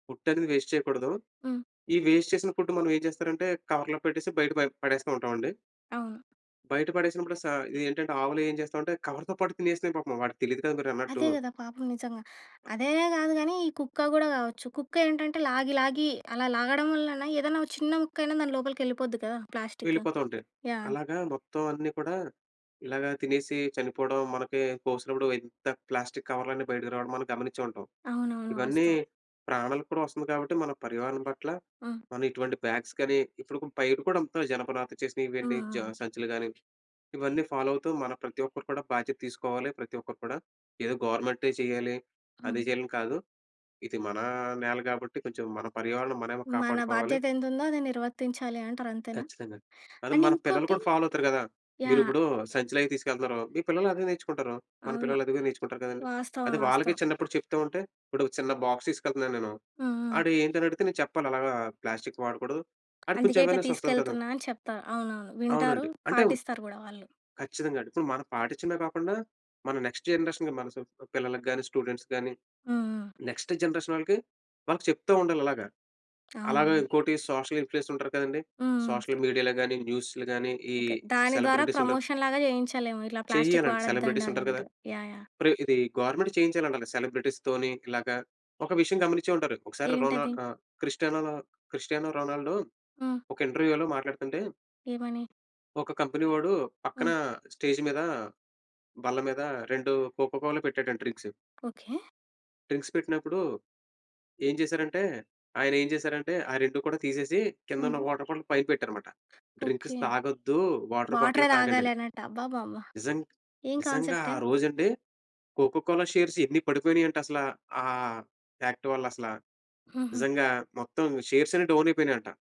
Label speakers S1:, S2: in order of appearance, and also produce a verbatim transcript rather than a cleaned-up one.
S1: Food అనేది waste చేయకూడదు.
S2: హ్మ్.
S1: ఈ వేస్ట్ చేసిన ఫుడ్ మనం ఏం చేస్తారంటే, కవర్‌లో పెట్టేసి, బయట ప పడేస్తూ ఉంటాం అండి.
S2: అవును.
S1: బయట పడేసినప్పుడు సా ఇదేంటంటే ఆవులు ఏం చేస్తామంటే, కవర్‌తో పాటు తినేస్తాయి పాపం. వాడికి తెలియదు కదా! మీరన్నట్టు.
S2: అదే గదా! పాపం నిజంగా. అదనే గాదు కానీ, ఈ కుక్క గూడా గావచ్చు. కుక్క ఏంటంటే లాగి, లాగి అలా లాగడం వల్లన ఏదన్న ఓ చిన్న ముక్క అయినా దాన్ని లోపలికి వెళ్ళిపోద్ది గదా ప్లాస్టిక్.
S1: వెళ్ళిపోతా ఉంటాయి.
S2: యాహ్!
S1: అలాగా మొత్తం అన్నీ కూడా, ఇలాగ తినేసి చనిపోవడం మనకి కోసినప్పుడు ఎంత ప్లాస్టిక్ కవర్లన్నీ బయటికి రావడం మనం గమనిచ్చే ఉంటాం.
S2: అవునవును.
S1: ఇవన్నీ
S2: వాస్తవం.
S1: ప్రాణాలకు కూడా వస్తుంది కాబట్టి, మన పర్యావహణం పట్ల,
S2: ఆ!
S1: మనం ఇటువంటి బ్యాగ్స్ కానీ ఇప్పుడు బయట కూడా అంత జనపనాత చేసిన
S2: హ్మ్.
S1: ఇవన్నీ జ
S2: హ్మ్.
S1: సంచులు కానీ, ఇవన్నీ ఫాలో అవుతూ మన ప్రతి ఒక్కరు కూడా బాధ్యత తీసుకోవాలి. ప్రతి ఒక్కరు కూడా. ఏదో గవర్నమెంటే చేయాలి. అది
S2: హ్మ్.
S1: చేయాలని కాదు. ఇది మన నేల కాబట్టి, కొంచెం మన పర్యావరణం మనమే
S2: మన
S1: కాపాడుకోవాలి.
S2: బాధ్యత ఎంత ఉందో అది నిర్వర్తించాలి అంటారు. అంతేనా?
S1: ఖచ్చితంగా. అది
S2: అండ్
S1: మన పిల్లలు
S2: ఇంకోటి
S1: కూడా ఫాలో అవుతారు గదా! మీరు
S2: యాహ్!
S1: ఇప్పుడు సంచిలవీ తీసుకెళ్తున్నారు. మీ పిల్లలు అదే నేర్చుకుంటారు.
S2: ఆ!
S1: మన పిల్లలు అది గూడా నేర్చుకుంటారు
S2: వ
S1: గదండీ!
S2: వాస్తవం.
S1: అది వాళ్ళకి
S2: వాస్తవం.
S1: చిన్నప్పుడు చెప్తూ ఉంటే ఇప్పుడు చిన్న బాక్స్ తీసుకెళ్తున్నాను నేను.
S2: హ్మ్. హ్మ్.
S1: ఆడు ఏంటి అనడిగితే నేను చెప్పాలి. అలాగా ప్లాస్టిక్ వాడకూడదు. ఆడికి
S2: అందుకే,
S1: కొంచెం
S2: ఇట్లా
S1: అవేర్నెస్ వస్తది గదా!
S2: తీసుకెళ్తున్నా అని చెప్తా. అవునవును. వింటారు,
S1: అవునండి. అంటే
S2: పాటిస్తారు గూడా వాళ్ళు.
S1: ఖచ్చితంగా అండి. ఇప్పుడు మనం పాటించిందే కాకుండా, మన నెక్స్ట్ జనరేషన్‌కి మన పిల్లలకి గాని, స్టూడెంట్స్ గాని,
S2: హ్మ్. హ్మ్.
S1: నెక్స్ట్ జనరేషన్ వాళ్ళకి, వాళ్ళకి చెప్తా ఉండాలి అలాగ. అలాగే
S2: అవును.
S1: ఇంకోటి సోషల్ ఇన్‌ఫ్లూయన్స్ ఉంటారు గదండీ!
S2: హ్మ్.
S1: సోషల్ మీడియా‌లో గాని, న్యూస్‌లో గాని ఈ
S2: ఓకే. దాని ద్వారా
S1: సెలబ్రిటీస్ ఉంటారు.
S2: ప్రమోషన్‌లాగా చేయించలేమో, ఇట్లా ప్లాస్టిక్
S1: చెయ్యాలండి.
S2: వాడొద్దండి
S1: సెలబ్రిటీస్ ఉంటారు కదా.
S2: అన్నట్టుగా. యాహ్! యాహ్!
S1: ప్రా ఇది గవర్నమెంట్ చేయించాలంటాలి సెలబ్రిటీస్‌తోని ఇలాగా ఒక విషయం గమనించే ఉంటారు. ఒకసారి రొనా
S2: ఏంటది?
S1: ఆహ్, క్రిస్టియనలా క్రిస్టియానో రోనాల్డో
S2: హ్మ్.
S1: ఒక ఇంటర్వ్యూ‌లో మాట్లాడుతుంటే...
S2: ఏమని?
S1: ఒక కంపెనీ వాడు పక్కన
S2: హ్మ్.
S1: స్టేజ్ మీద, బల్ల మీద రెండు కొకొకోల పెట్టాడంట డ్రింక్స్.
S2: ఓకే.
S1: డ్రింక్స్ పెట్టినప్పుడు, ఏం చేశారంటే ఆయన ఏం చేశారంటే, ఆ రెండు కూడా తీసేసి, కిందున్న
S2: హుహు.
S1: వాటర్ బాటిల్ పైకి పెట్టారన్నమాట. Drinks
S2: okay.
S1: తాగొద్దు. వాటర్ బాటిలే
S2: వాటర్
S1: తాగండి
S2: తాగాలి
S1: అని.
S2: అన్నట్టు. అబ్బబ్బబ్బ!
S1: నిజం
S2: ఏం
S1: నిజంగా
S2: కాన్సెప్ట్.
S1: ఆ రోజండి కొకొకోల షేర్స్ ఎన్ని పడిపోయినాయంటే, అసల ఆహ్, యాక్ట్ వల్ల అసల
S2: హుహు.
S1: నిజంగా. మొత్తం షేర్స్ అన్ని డౌన్ అయిపోయినయంట.